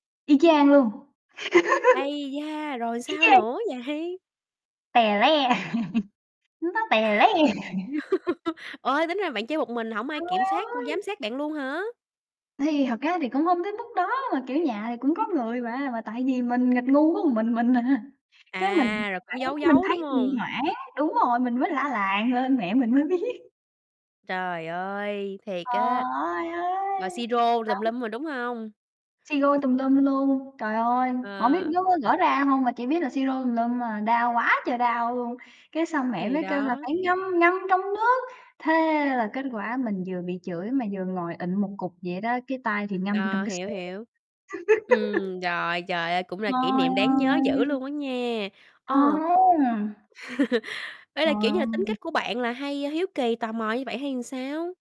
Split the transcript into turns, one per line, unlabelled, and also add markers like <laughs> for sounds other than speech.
Y chang luôn! <laughs>
Ấy da! Rồi
Y
sao
chang!
nữa vậy?
Tè le! <laughs> Nó tè le! <laughs>
<laughs> Ơi, tính ra bạn chơi một mình hổng ai
Trời
kiểm soát, cung
ơi!
giám sát bạn luôn hả?
Thì thật ra thì cũng hông tới mức đó mà, kiểu, nhà thì cũng có người mà. Mà tại vì mình nghịch ngu có mình mình à, cái mình
À, rồi cũng
hoảng
giấu
mình
giấu, đúng
thấy mình
hông?
hoảng, đúng rồi, mình mới la làng lên, mẹ mình mới biết.
Trời ơi! Thiệt
Ờ,
á,
ơi, ơi!
rồi xi rô tùm
Đóng.
lum rồi, đúng hông?
Xi rô tùm lum luôn, trời ơi! Hổng biết
Ờ.
nó có gỡ ra hông mà chỉ biết là xi rô tùm lum à, đau quá trời đau luôn! Cái xong mẹ
Thì
mới kêu là
đó.
phải ngâm ngâm trong nước, thế là kết quả mình vừa bị chửi mà vừa ngồi ịn một cục vậy đó, cái tay thì ngâm vô trong
Ờ,
cái
hiểu,
xô.
hiểu.
<laughs>
Ừm, rồi trời ơi, cũng là kỷ
Trời
niệm đáng nhớ dữ
ơi!
luôn á nha, ờ.
Ờm!
<laughs> Ê,
Trời
là kiểu như là tính
ơi.
cách của bạn là hay hiếu kỳ, tò mò như vậy hay sao?